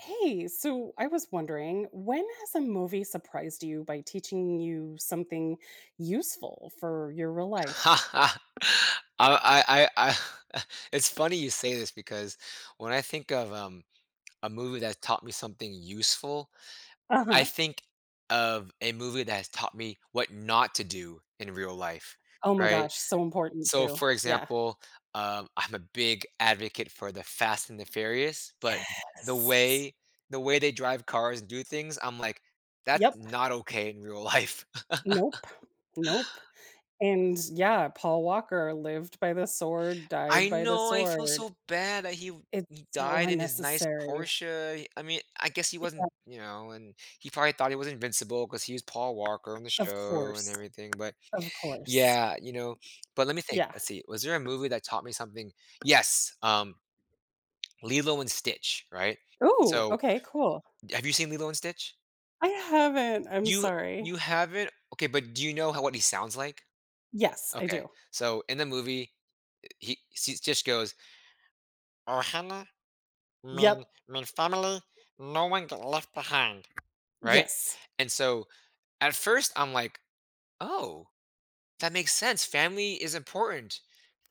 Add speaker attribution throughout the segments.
Speaker 1: Hey, so, I was wondering, when has a movie surprised you by teaching you something useful for your real life?
Speaker 2: Uh, I I I Eh, it's funny you say this because when I think of, um, a movie that taught me something useful, I
Speaker 1: Uh-huh.
Speaker 2: think of a movie that's taught me what not to do in real life,
Speaker 1: Oh my
Speaker 2: right?
Speaker 1: gosh, so important
Speaker 2: So,
Speaker 1: too,
Speaker 2: for
Speaker 1: yeah.
Speaker 2: example, um, I'm a big advocate for The Fast and the Furious, but the
Speaker 1: Yes.
Speaker 2: way the way they drive cars and do things, I'm like, "That's
Speaker 1: Yep.
Speaker 2: not okay in real life."
Speaker 1: Nope, nope, and yeah, Paul Walker lived by the sword,
Speaker 2: I
Speaker 1: died by the
Speaker 2: know, I feel
Speaker 1: sword.
Speaker 2: so bad that he v
Speaker 1: It's
Speaker 2: He
Speaker 1: so
Speaker 2: died in his nice
Speaker 1: unnecessary.
Speaker 2: Porsche, he I mean, I guess he
Speaker 1: Yeah.
Speaker 2: wasn't you know, and he probably thought he was invincible 'cause he was Paul Walker on the
Speaker 1: Of
Speaker 2: show and
Speaker 1: course,
Speaker 2: everything, but
Speaker 1: of course.
Speaker 2: Yeah, you know, but let me think.
Speaker 1: Yeah.
Speaker 2: Let's see, was there a movie that taught me something? Yes, um, Lilo and Stitch, right?
Speaker 1: Ooh,
Speaker 2: So
Speaker 1: okay, cool.
Speaker 2: D Have you seen Lilo and Stitch?
Speaker 1: I haven't, I'm
Speaker 2: You
Speaker 1: sorry.
Speaker 2: you haven't? Okay, but do you know how what he sounds like?
Speaker 1: Yes, I
Speaker 2: Okay,
Speaker 1: do.
Speaker 2: so, in the movie, uh, he sees just goes “Ohana mean
Speaker 1: Yep.
Speaker 2: mean family. No one get left behind," right?
Speaker 1: Yes.
Speaker 2: And so, at first, I'm like, "Oh, that makes sense. Family is important.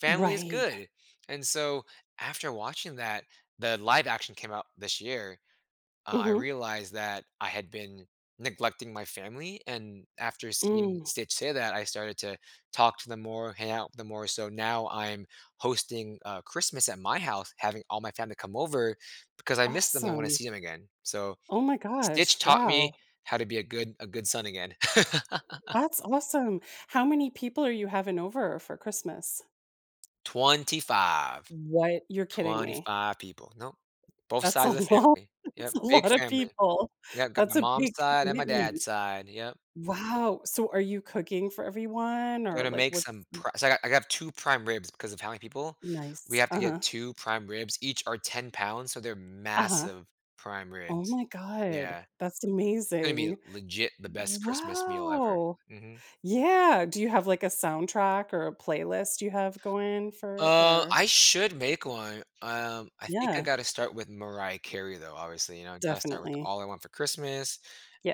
Speaker 2: Family is
Speaker 1: Right.
Speaker 2: good," and so, after watching that, the live-action came out this year. Uh, I
Speaker 1: Mhm.
Speaker 2: realized that I had been neglecting my family, and after seeing
Speaker 1: Mm.
Speaker 2: Stitch say that, I started to talk to them more, hang out with them more, so now I'm hosting, uh, Christmas at my house, having all my family come over because I miss them; I wanna
Speaker 1: Awesome.
Speaker 2: see 'em again. So,
Speaker 1: Oh my gosh,
Speaker 2: Stitch taught me
Speaker 1: wow.
Speaker 2: how to be a good a good son again.
Speaker 1: That's awesome. How many people are you having over for Christmas?
Speaker 2: 25.
Speaker 1: What? You're kidding me.
Speaker 2: 25 people. Nope. Both
Speaker 1: That's a
Speaker 2: sides of the
Speaker 1: lot.
Speaker 2: family.
Speaker 1: That's
Speaker 2: Yep,
Speaker 1: a
Speaker 2: big
Speaker 1: lotta
Speaker 2: family.
Speaker 1: people.
Speaker 2: Yeah, I've got my
Speaker 1: That's a
Speaker 2: mom's
Speaker 1: big
Speaker 2: side and my
Speaker 1: commitment.
Speaker 2: dad's side, yep.
Speaker 1: Wow. So are you cooking for everyone or,
Speaker 2: Gonna
Speaker 1: like,
Speaker 2: make
Speaker 1: what
Speaker 2: some
Speaker 1: mm
Speaker 2: pri so I got I got 2 prime ribs because of how many people. We
Speaker 1: Nice.
Speaker 2: have to get
Speaker 1: Uh-huh.
Speaker 2: 2 prime ribs. Each are 10 pounds, so they're
Speaker 1: Uh-huh.
Speaker 2: massive prime
Speaker 1: Oh
Speaker 2: ribs.
Speaker 1: my god.
Speaker 2: Yeah.
Speaker 1: That's
Speaker 2: It's gonna be
Speaker 1: amazing.
Speaker 2: legit the best Christmas meal ever.
Speaker 1: Wow!
Speaker 2: Mhm.
Speaker 1: Yeah. Do you have, like, a soundtrack or a playlist you have going for it
Speaker 2: Uh,
Speaker 1: or
Speaker 2: I should make one. Um, I think I
Speaker 1: Yeah.
Speaker 2: gotta start with Mariah Carey, though, obviously, you know, gotta start with
Speaker 1: Definitely.
Speaker 2: All I Want for Christmas,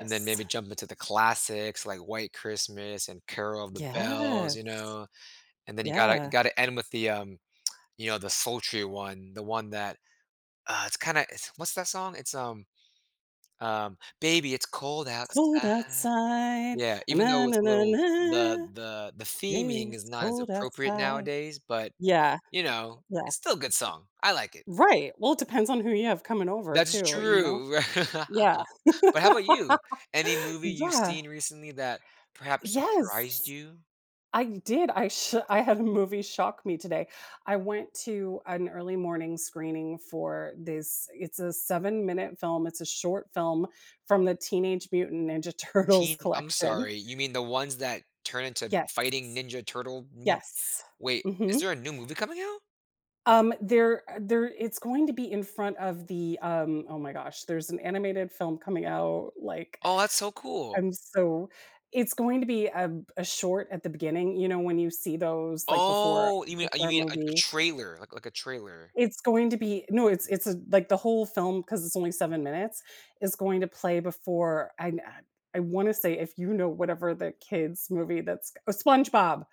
Speaker 2: and then maybe jump into the classics like White Christmas and Carol of the Bells, you
Speaker 1: Yes.
Speaker 2: know. And then you gotta you
Speaker 1: Yeah.
Speaker 2: gotta end with the, um, you know, the sultry one, the one that Uh, it's kinda it's what's that song? It's, um, um, baby, it's cold
Speaker 1: It's cold
Speaker 2: outside.
Speaker 1: outside.
Speaker 2: Yeah. Even though it's a little The the the
Speaker 1: Baby,
Speaker 2: theming is
Speaker 1: it's
Speaker 2: not as
Speaker 1: cold
Speaker 2: appropriate
Speaker 1: outside.
Speaker 2: nowadays, but,
Speaker 1: Yeah.
Speaker 2: you know,
Speaker 1: Yeah.
Speaker 2: it's still a good song. I like it.
Speaker 1: Right. Well, it depends on who you have coming over
Speaker 2: That's
Speaker 1: too, you know?
Speaker 2: true.
Speaker 1: Yeah.
Speaker 2: But how 'bout you? Any movie you've
Speaker 1: Yeah.
Speaker 2: seen recently that perhaps surprised
Speaker 1: Yes!
Speaker 2: you?
Speaker 1: I did. I sho I had a movie shock me today. I went to an early morning screening for this it's a 7 minute film. It's a short film from the Teenage Mutant Ninja Turtles
Speaker 2: Teen I'm
Speaker 1: collection.
Speaker 2: sorry. You mean the ones that turn into
Speaker 1: Yes.
Speaker 2: fighting Ninja Turtle [unintelligible]
Speaker 1: Yes.
Speaker 2: Wait. Is
Speaker 1: Mhm.
Speaker 2: there a new movie coming out?
Speaker 1: Um, there uh, there it's going to be in front of the, um- oh my gosh- there's an animated film coming out, like
Speaker 2: Oh, that's so cool.
Speaker 1: I'm so it's going to be ab a short at the beginning, you know, when you see those, like, before
Speaker 2: Oh, you
Speaker 1: a
Speaker 2: mean, uh, you
Speaker 1: Pixar
Speaker 2: mean a a
Speaker 1: movie.
Speaker 2: trailer? Like like a trailer.
Speaker 1: It's going to be No, it's it's a like, the whole film- 'cause it's only 7 minutes- is going to play before I n uh, I want to say if you know whatever the kid's movie that's co Oh, SpongeBob!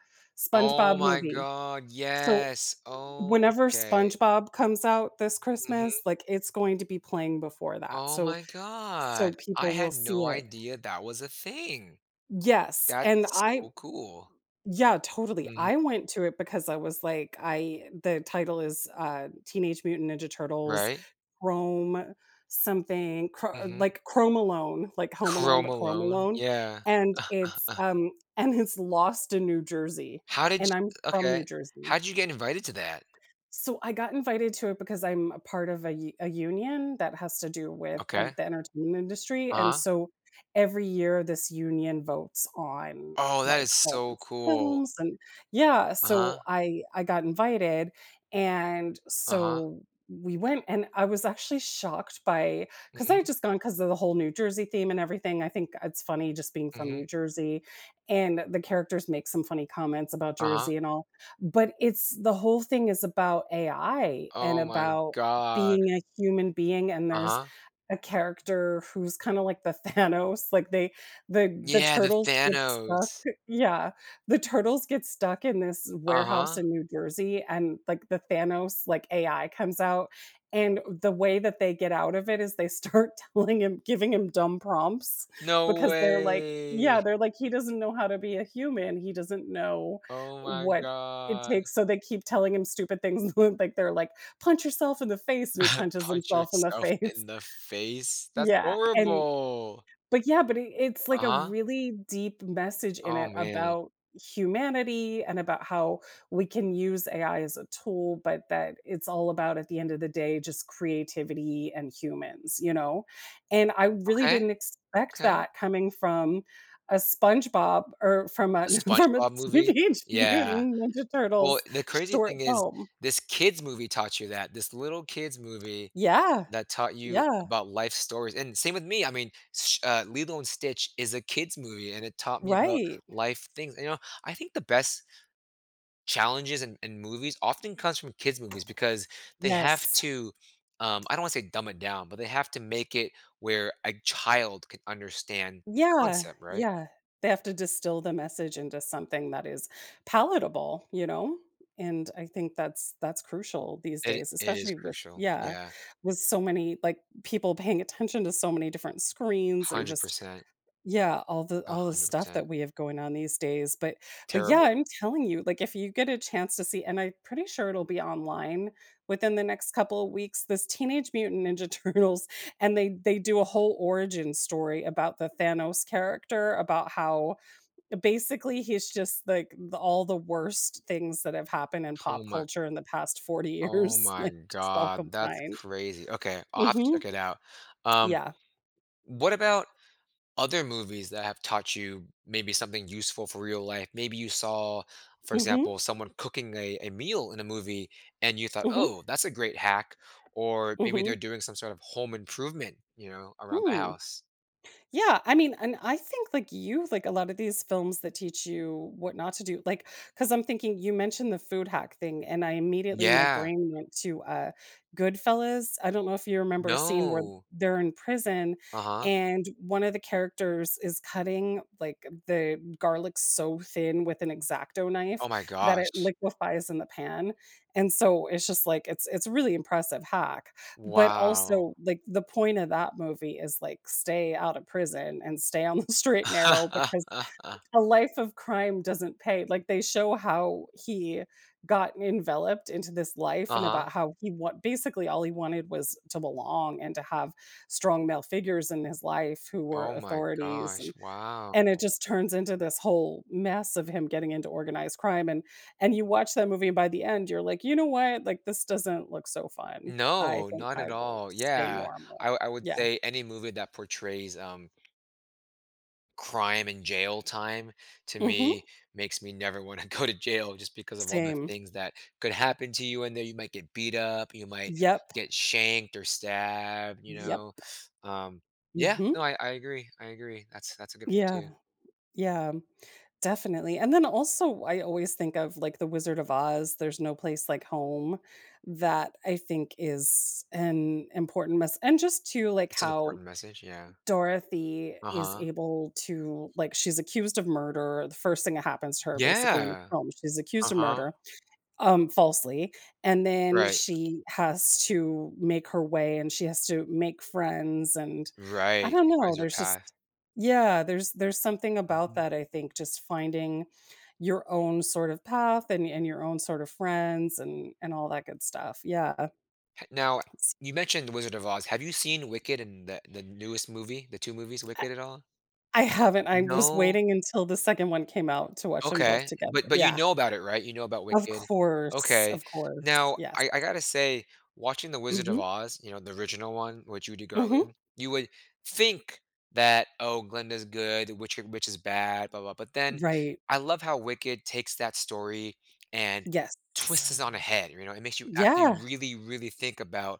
Speaker 2: Oh
Speaker 1: SpongeBob
Speaker 2: my
Speaker 1: movie.
Speaker 2: god,
Speaker 1: So,
Speaker 2: yes!
Speaker 1: whenever
Speaker 2: Okay.
Speaker 1: SpongeBob comes out this
Speaker 2: Mhm.
Speaker 1: Christmas, like it's going to be playing before that.
Speaker 2: Oh
Speaker 1: So
Speaker 2: my
Speaker 1: so
Speaker 2: god. I
Speaker 1: people will
Speaker 2: had
Speaker 1: see
Speaker 2: no
Speaker 1: it.
Speaker 2: idea that was a thing!
Speaker 1: Yes, and
Speaker 2: That's
Speaker 1: I
Speaker 2: so cool.
Speaker 1: Yeah, totally. I
Speaker 2: Mhm.
Speaker 1: went to it because I was like, I the title is, uh, Teenage Mutant Ninja Turtles
Speaker 2: Right?
Speaker 1: Chrome, something chr
Speaker 2: Mhm.
Speaker 1: like Chrome Alone, like Home Alone,
Speaker 2: Chrome
Speaker 1: but Chrome
Speaker 2: Alone.
Speaker 1: Alone
Speaker 2: Yeah.
Speaker 1: and it's, um and it's lost in New Jersey,
Speaker 2: How did
Speaker 1: and I'm
Speaker 2: you
Speaker 1: from New
Speaker 2: okay.
Speaker 1: Jersey.
Speaker 2: How'd you get invited to that?
Speaker 1: So I got invited to it because I'm a part of a u a union that has to do with e
Speaker 2: Okay.
Speaker 1: the entertainment industry and
Speaker 2: Uh-huh.
Speaker 1: so every year this union votes on,
Speaker 2: Oh, that
Speaker 1: like,
Speaker 2: is
Speaker 1: all
Speaker 2: so
Speaker 1: these
Speaker 2: cool.
Speaker 1: films and Yeah, so
Speaker 2: Uh-huh.
Speaker 1: I I got invited and,
Speaker 2: Uh-huh.
Speaker 1: so, we went, and I was actually shocked by 'cause I'd
Speaker 2: Mhm.
Speaker 1: just gone 'cause of the whole New Jersey theme and everything. I think it's funny just being from New
Speaker 2: Mhm.
Speaker 1: Jersey and the characters make some funny comments about
Speaker 2: Uh-huh.
Speaker 1: Jersey and all, but it's the whole thing is about AI and
Speaker 2: Oh my
Speaker 1: about
Speaker 2: god.
Speaker 1: being a human being and there's
Speaker 2: Uh-huh.
Speaker 1: a character who's kinda like the Thanos, like they the the
Speaker 2: Yeah, the
Speaker 1: turtles get stuck
Speaker 2: Thanos.
Speaker 1: Yeah, the turtles get stuck in this warehouse
Speaker 2: Uh-huh.
Speaker 1: in New Jersey and, like, the Thanos, like, AI comes out and the way that they get out of it is they start telling him giving him dumb prompts,
Speaker 2: No
Speaker 1: because they're like Yeah,
Speaker 2: way.
Speaker 1: they're like, he doesn't know how to be a human. He doesn't know
Speaker 2: Oh my
Speaker 1: what it
Speaker 2: god.
Speaker 1: takes. So, they keep telling him stupid things, like, they're like, "Punch yourself in the face," and he punches
Speaker 2: "Punch
Speaker 1: himself in the
Speaker 2: yourself
Speaker 1: face.
Speaker 2: in the face." That's
Speaker 1: Yeah, and
Speaker 2: horrible!
Speaker 1: but yeah but it it's like a
Speaker 2: Uh-huh.
Speaker 1: really deep message in
Speaker 2: Oh,
Speaker 1: it
Speaker 2: man.
Speaker 1: about humanity and about how we can use AI as a tool, but that it's all about, at the end of the day, just creativity and humans, you know, and I really
Speaker 2: Okay.
Speaker 1: didn't expect
Speaker 2: Okay.
Speaker 1: that coming from a SpongeBob or from a
Speaker 2: The
Speaker 1: from a
Speaker 2: SpongeBob movie?
Speaker 1: Teenage
Speaker 2: Yeah.
Speaker 1: Mutant Ninja
Speaker 2: Well,
Speaker 1: Turtles
Speaker 2: the crazy
Speaker 1: short
Speaker 2: thing is
Speaker 1: film.
Speaker 2: this kid's movie taught you that. This little kid's movie
Speaker 1: Yeah.
Speaker 2: that taught you
Speaker 1: Yeah.
Speaker 2: about life stories and same with me. I mean, Sh uh, Lilo& Sitch is a kid's movie, and it taught me about
Speaker 1: Right.
Speaker 2: life things and you know, I think the best challenges in in movies often comes from kids movies because they have
Speaker 1: Yes!
Speaker 2: to, um- I don't wanna say dumb it down- but they have to make it where a child could understand the
Speaker 1: Yeah,
Speaker 2: concept, right?
Speaker 1: yeah, they have to distill the message into something that is palatable, you know, and I think that's that's crucial these
Speaker 2: It i
Speaker 1: days,
Speaker 2: it is
Speaker 1: especially with
Speaker 2: crucial.
Speaker 1: Yeah,
Speaker 2: Yeah.
Speaker 1: with so many, like people paying attention to so many different screens and
Speaker 2: hundred
Speaker 1: just
Speaker 2: percent.
Speaker 1: yeah, all the
Speaker 2: a
Speaker 1: all the
Speaker 2: hundred
Speaker 1: stuff
Speaker 2: percent.
Speaker 1: that we have going on these days. But but yeah,
Speaker 2: Terrible.
Speaker 1: I'm telling you, like, if you get a chance to see- and I'm pretty sure it'll be online within the next couple of weeks- this Teenage Mutant Ninja Turtles and they they do a whole origin story about the Thanos character, about how, basically he's just, like, the all the worst things that have happened in
Speaker 2: Oh
Speaker 1: pop
Speaker 2: my
Speaker 1: culture in the past 40
Speaker 2: Oh
Speaker 1: years,
Speaker 2: my
Speaker 1: like, just all
Speaker 2: god. That's
Speaker 1: combined.
Speaker 2: crazy. Okay. I'll have to
Speaker 1: Mhm.
Speaker 2: check it out. Um,
Speaker 1: Yeah.
Speaker 2: what about, other movies that have taught you maybe something useful for real life? Maybe you saw, for
Speaker 1: Mhm.
Speaker 2: example, someone cooking a a meal in a movie, and you thought,
Speaker 1: Mhm.
Speaker 2: "Oh, that's a great hack," or maybe
Speaker 1: Mhm.
Speaker 2: they're doing some sort of home improvement, you know, around the
Speaker 1: Hmm.
Speaker 2: house.
Speaker 1: Yeah, I mean, and I think, like you, like a lot of these films that teach you what not to do like 'cause I'm thinking- you mentioned the food hack thing, and I immediately my
Speaker 2: Yeah.
Speaker 1: brain went to, uh, Goodfellas. I don't know if you remember a scene where
Speaker 2: No.
Speaker 1: they're in prison
Speaker 2: Uh-huh.
Speaker 1: and one of the characters is cutting like the garlic so thin with an X-Acto knife
Speaker 2: Oh my
Speaker 1: that it
Speaker 2: gosh.
Speaker 1: liquefies in the pan, and so it's just like, it's it's a really impressive hack, but
Speaker 2: Wow.
Speaker 1: also, like, the point of that movie is like stay out of prison and stay on the straight and narrow because a life of crime doesn't pay. Like, they show how he got enveloped into this life and
Speaker 2: Uh-huh.
Speaker 1: about how he want basically all he wanted was to belong and to have strong male figures in his life who were
Speaker 2: Oh my
Speaker 1: authorities
Speaker 2: gosh.
Speaker 1: and
Speaker 2: Wow.
Speaker 1: and it just turns into this whole mess of him getting into organized crime and and you watch that movie and by the end you're like, "You know what, like, this doesn't look so fun. I
Speaker 2: No.
Speaker 1: think
Speaker 2: Not
Speaker 1: I
Speaker 2: at
Speaker 1: will
Speaker 2: all.
Speaker 1: stay
Speaker 2: Yeah.
Speaker 1: normal."
Speaker 2: I wou I would
Speaker 1: Yeah.
Speaker 2: say any movie that portrays, um crime and jail time to
Speaker 1: Mhm.
Speaker 2: me makes me never wanna go to jail just because of all the
Speaker 1: Same.
Speaker 2: things that could happen to you in there. You might get beat up. You might
Speaker 1: Yep.
Speaker 2: get shanked or stabbed, you
Speaker 1: Yep.
Speaker 2: know? Um, yeah.
Speaker 1: Mhm.
Speaker 2: No. I I agree. I agree. That's that's a good one
Speaker 1: Yeah.
Speaker 2: too.
Speaker 1: Yeah, definitely and then also, I always think of, like, the Wizard of Oz, "There's no place like home," that, I think, is an important mess And just to like,
Speaker 2: It's an
Speaker 1: how
Speaker 2: important message, yeah.
Speaker 1: Dorothy is
Speaker 2: Uh-huh.
Speaker 1: able to like she's accused of murder- the first thing that happens to her basically in the
Speaker 2: Yeah.
Speaker 1: home- she's accused of
Speaker 2: Uh-huh.
Speaker 1: murder, um, falsely and then
Speaker 2: Right.
Speaker 1: she has to make her way and she has to make friends and, I
Speaker 2: Right. She
Speaker 1: don't know,
Speaker 2: finds her
Speaker 1: there's just
Speaker 2: path.
Speaker 1: Yeah, there's there's something about
Speaker 2: Mhm.
Speaker 1: that, I think just finding your own sort of path and and your own sort of friends and and all that good stuff. Yeah.
Speaker 2: He now
Speaker 1: S
Speaker 2: you mentioned The Wizard of Oz. Have you seen Wicked in the the newest movie, the 2 movies,
Speaker 1: I
Speaker 2: Wicked, at all?
Speaker 1: I haven't. I was
Speaker 2: No.
Speaker 1: waiting until the second one came out to watch 'em both
Speaker 2: Okay.
Speaker 1: together
Speaker 2: But but you
Speaker 1: Yeah.
Speaker 2: know about it, right? You know about
Speaker 1: Of
Speaker 2: Wicked.
Speaker 1: course.
Speaker 2: Okay.
Speaker 1: Of course.
Speaker 2: Now
Speaker 1: Yes.
Speaker 2: I I gotta say, watching the Wizard of
Speaker 1: Mhm.
Speaker 2: Oz, you know, the original one, with Judy
Speaker 1: Mhm.
Speaker 2: Garland, you would think that, "Oh, Glinda's good, witch, er, witch is bad, blah blah blah," but then
Speaker 1: Right.
Speaker 2: I love how Wicked takes that story and
Speaker 1: Yes.
Speaker 2: twists it on a head, you know? It makes you actually
Speaker 1: Yeah.
Speaker 2: really, really think about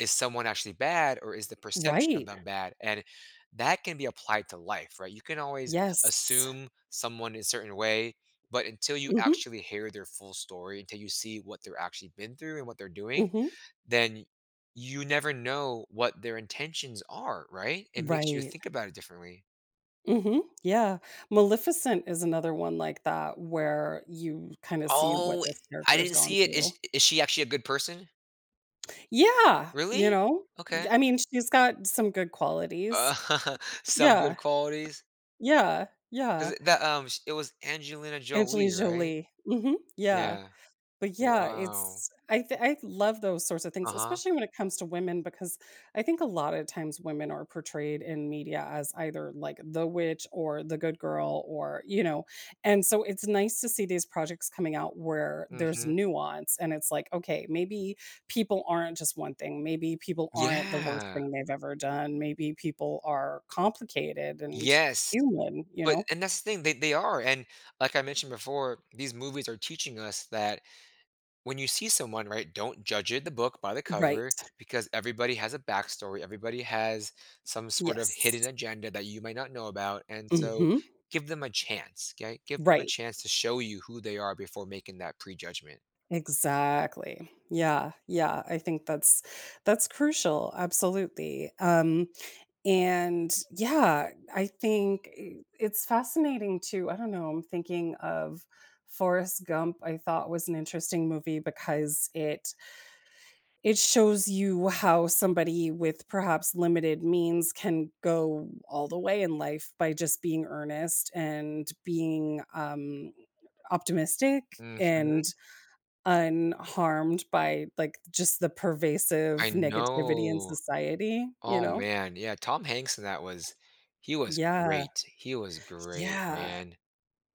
Speaker 2: is someone actually bad or is the perception of
Speaker 1: Right.
Speaker 2: them bad? And that can be applied to life, right? You can always
Speaker 1: Yes.
Speaker 2: assume someone is a certain way, but until you
Speaker 1: Mhm.
Speaker 2: actually hear their full story, until you see what they're actually been through and what they're doing,
Speaker 1: Mhm.
Speaker 2: then, you never know what their intentions are, right? It makes you
Speaker 1: Right.
Speaker 2: think about it differently.
Speaker 1: Mhm. Yeah. Maleficent is another one like that where you kinda see what
Speaker 2: Oh,
Speaker 1: this
Speaker 2: I
Speaker 1: character has
Speaker 2: didn't
Speaker 1: gone
Speaker 2: see it. Is
Speaker 1: through.
Speaker 2: is she actually a good person?
Speaker 1: Yeah, you
Speaker 2: Really?
Speaker 1: know?
Speaker 2: Okay.
Speaker 1: I mean, she's got some good qualities.
Speaker 2: Some
Speaker 1: Yeah.
Speaker 2: good qualities
Speaker 1: Yeah. Yeah.
Speaker 2: 'cause that, um, sh it was Angelina
Speaker 1: Angelie
Speaker 2: Jolie, right?
Speaker 1: Jolie. Mhm. Yeah.
Speaker 2: Yeah.
Speaker 1: But yeah,
Speaker 2: Wow.
Speaker 1: it's I th I love those sorts of things,
Speaker 2: Uh-huh.
Speaker 1: especially when it comes to women because, I think a lot of times women are portrayed in media as either like the witch or the good girl or, you know, and so it's nice to see these projects coming out where there's
Speaker 2: Mhm.
Speaker 1: nuance and it's like, "Okay, maybe people aren't just one thing, maybe people aren't the worst
Speaker 2: Yeah.
Speaker 1: thing they've ever done. Maybe people are complicated and
Speaker 2: Yes!
Speaker 1: human,” you
Speaker 2: But
Speaker 1: know.
Speaker 2: and that's the thing, they they are. And, like I mentioned before, these movies are teaching us that when you see someone, right, don't judge it- the book by the
Speaker 1: Right.
Speaker 2: cover- because everybody has a backstory. Everybody has some sort of hidden
Speaker 1: Yes.
Speaker 2: agenda that you might not know about. And so,
Speaker 1: Mhm.
Speaker 2: give them a chance, 'kay? Give them a
Speaker 1: Right.
Speaker 2: chance to show you who they are before making that prejudgment.
Speaker 1: Exactly, yeah, yeah, I think that's that's crucial, absolutely, um, and, yeah, I think eh it's fascinating, too I don't know, I'm thinking of Forrest Gump, I thought was an interesting movie because it it shows you how somebody, with perhaps limited means, can go all the way in life by just being earnest and being, um, optimistic, and
Speaker 2: Mhm.
Speaker 1: unharmed by, like, just the pervasive
Speaker 2: I
Speaker 1: negativity in
Speaker 2: know.
Speaker 1: society, you
Speaker 2: Oh,
Speaker 1: know?
Speaker 2: man, yeah, Tom Hanks in that was he was
Speaker 1: Yeah.
Speaker 2: great. He was great,
Speaker 1: Yeah.
Speaker 2: man,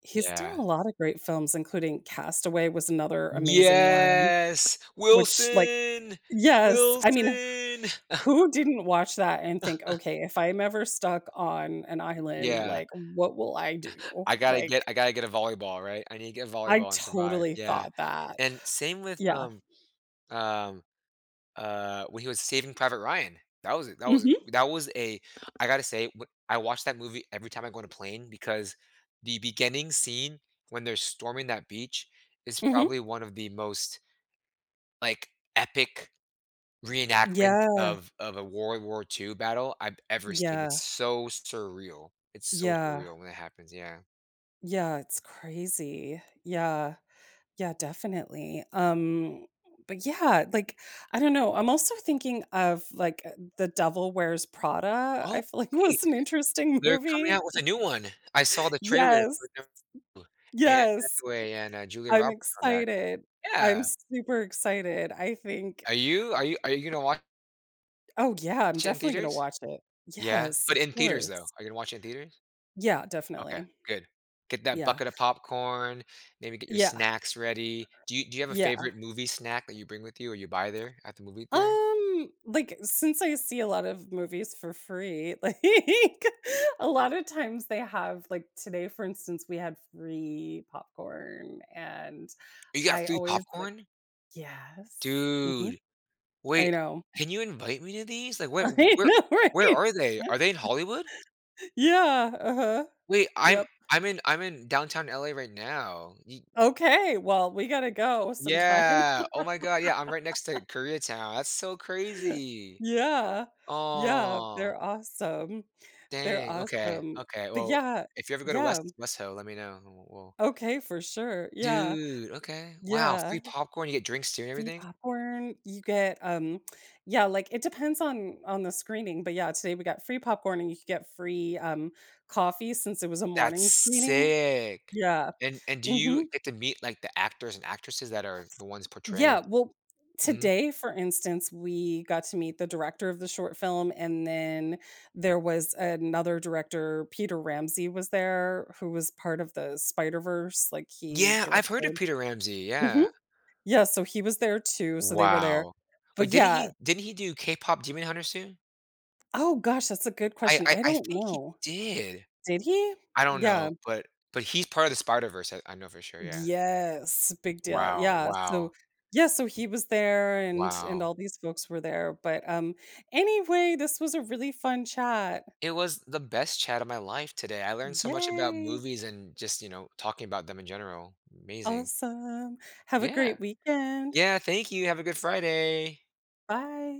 Speaker 1: He's
Speaker 2: yeah.
Speaker 1: done a lot of great films, including Castaway, was another amazing one,
Speaker 2: Yes.
Speaker 1: which like
Speaker 2: "Wilson!
Speaker 1: Yes, I mean,
Speaker 2: Wilson!"
Speaker 1: who didn't watch that and think, "Okay, if I'm ever stuck on an
Speaker 2: Y
Speaker 1: island,
Speaker 2: yeah.
Speaker 1: like, what will I do?"
Speaker 2: I gotta get
Speaker 1: Like
Speaker 2: I gotta get a volleyball, right? I need to get a
Speaker 1: I
Speaker 2: volleyball and survive,
Speaker 1: totally
Speaker 2: yeah.
Speaker 1: thought that,
Speaker 2: And same with,
Speaker 1: yeah.
Speaker 2: um, um, uh, when he was Saving Private Ryan. That was that was
Speaker 1: Mhm.
Speaker 2: that was a I gotta say, w I watch that movie every time I go on a plane, because the beginning scene when they're storming that beach is
Speaker 1: Mhm.
Speaker 2: probably one of the most, like, epic reenactments
Speaker 1: Yeah.
Speaker 2: of of a World War II battle I've ever seen,
Speaker 1: Yeah.
Speaker 2: it's so surreal. It's so
Speaker 1: Yeah.
Speaker 2: surreal when it happens, yeah.
Speaker 1: Yeah, it's crazy. Yeah, yeah, definitely. Um but yeah, like, I don't know I'm also thinking of, like, eh The Devil Wears Prada,
Speaker 2: Oh,
Speaker 1: I feel like
Speaker 2: wait.
Speaker 1: was an interesting
Speaker 2: They're coming
Speaker 1: movie.
Speaker 2: out with a new one. I saw the trailer for
Speaker 1: Yes.
Speaker 2: number 2, Anne
Speaker 1: Yes uh
Speaker 2: Hathaway and, uh, Julia
Speaker 1: I'm
Speaker 2: Roberts come back.
Speaker 1: excited. I'm
Speaker 2: Yeah.
Speaker 1: super excited, I think
Speaker 2: Are you are you are you gonna wa
Speaker 1: Oh, yeah, I'm
Speaker 2: tch it in
Speaker 1: definitely gonna
Speaker 2: theaters?
Speaker 1: watch it.
Speaker 2: Yeah.
Speaker 1: Yes,
Speaker 2: But
Speaker 1: of
Speaker 2: in theaters, though,
Speaker 1: course.
Speaker 2: are you gonna watch in theaters?
Speaker 1: Yeah,
Speaker 2: Okay,
Speaker 1: definitely.
Speaker 2: good. Get that
Speaker 1: Yeah.
Speaker 2: bucket of popcorn, maybe get your
Speaker 1: Yeah.
Speaker 2: snacks ready. Do you do you have a
Speaker 1: Yeah.
Speaker 2: favorite movie snack that you bring with you or you buy there at the movie theater?
Speaker 1: Um, like, since I see a lot of movies for free, like, a lot of times they have, like today, for instance, we had free popcorn and
Speaker 2: You got
Speaker 1: I
Speaker 2: free
Speaker 1: always like
Speaker 2: popcorn?
Speaker 1: Yes. Mhm.
Speaker 2: Dude. Wait,
Speaker 1: I know.
Speaker 2: can you invite me to these? Like, what w
Speaker 1: I
Speaker 2: where
Speaker 1: know
Speaker 2: where
Speaker 1: right?
Speaker 2: are they? Are they in Hollywood?
Speaker 1: Yeah, uh-huh.
Speaker 2: Wait, I'm
Speaker 1: Yep.
Speaker 2: I'm in I'm in downtown LA right now. Ye
Speaker 1: Okay, well, we gotta go sometime.
Speaker 2: Yeah. Oh my god, yeah, I'm right next to Koreatown, that's so crazy.
Speaker 1: Yeah. Yeah,
Speaker 2: Aw.
Speaker 1: they're awesome they're
Speaker 2: Dang, okay,
Speaker 1: awesome.
Speaker 2: okay.
Speaker 1: But
Speaker 2: Well,
Speaker 1: yeah,
Speaker 2: if you ever go to
Speaker 1: yeah m
Speaker 2: West West Ho, let me know, and we'll
Speaker 1: Okay, for sure, yeah.
Speaker 2: Dude, okay. Wow,
Speaker 1: Yeah.
Speaker 2: free popcorn, you get drinks too and
Speaker 1: Free
Speaker 2: everything?
Speaker 1: popcorn, you get, um yeah, like, it depends on on the screening, but yeah, today we got free popcorn and you could get free, um, coffee since it was a
Speaker 2: That's
Speaker 1: morning screening.
Speaker 2: sick.
Speaker 1: Yeah.
Speaker 2: And and do you
Speaker 1: Mhm.
Speaker 2: get to meet, like, the actors and actresses that are the ones portraying
Speaker 1: Yeah, well
Speaker 2: Mhm.
Speaker 1: today, for instance, we got to meet the director of the short film, and then there was another director, Peter Ramsey was there who was part of the Spider-Verse, like he
Speaker 2: Yeah, I've heard of
Speaker 1: directed.
Speaker 2: Peter Ramsey,
Speaker 1: Mhm.
Speaker 2: yeah.
Speaker 1: Yes, so he was there too, so they were there.
Speaker 2: Wow.
Speaker 1: But
Speaker 2: But didn't
Speaker 1: yeah
Speaker 2: he didn't he do KPop Demon Hunters too?
Speaker 1: Oh, gosh, that's a good
Speaker 2: I
Speaker 1: question,
Speaker 2: I
Speaker 1: I
Speaker 2: I
Speaker 1: don't
Speaker 2: think he
Speaker 1: know.
Speaker 2: did.
Speaker 1: Did he?
Speaker 2: I don't
Speaker 1: Yeah.
Speaker 2: know, but but he's part of the Spider-Verse, I I know for sure, yeah.
Speaker 1: Yes, big deal.
Speaker 2: Wow,
Speaker 1: Yeah, so
Speaker 2: wow.
Speaker 1: yeah, so he was there and and
Speaker 2: Wow.
Speaker 1: all these folks were there, but, um, anyway, this was a really fun chat.
Speaker 2: It was the best chat of my life today, I learned so much about
Speaker 1: Yay.
Speaker 2: movies and just, you know, talking about them in general. Amazing.
Speaker 1: Awesome, have a
Speaker 2: Yeah.
Speaker 1: great weekend.
Speaker 2: Yeah, thank you, have a good Friday.
Speaker 1: Bye.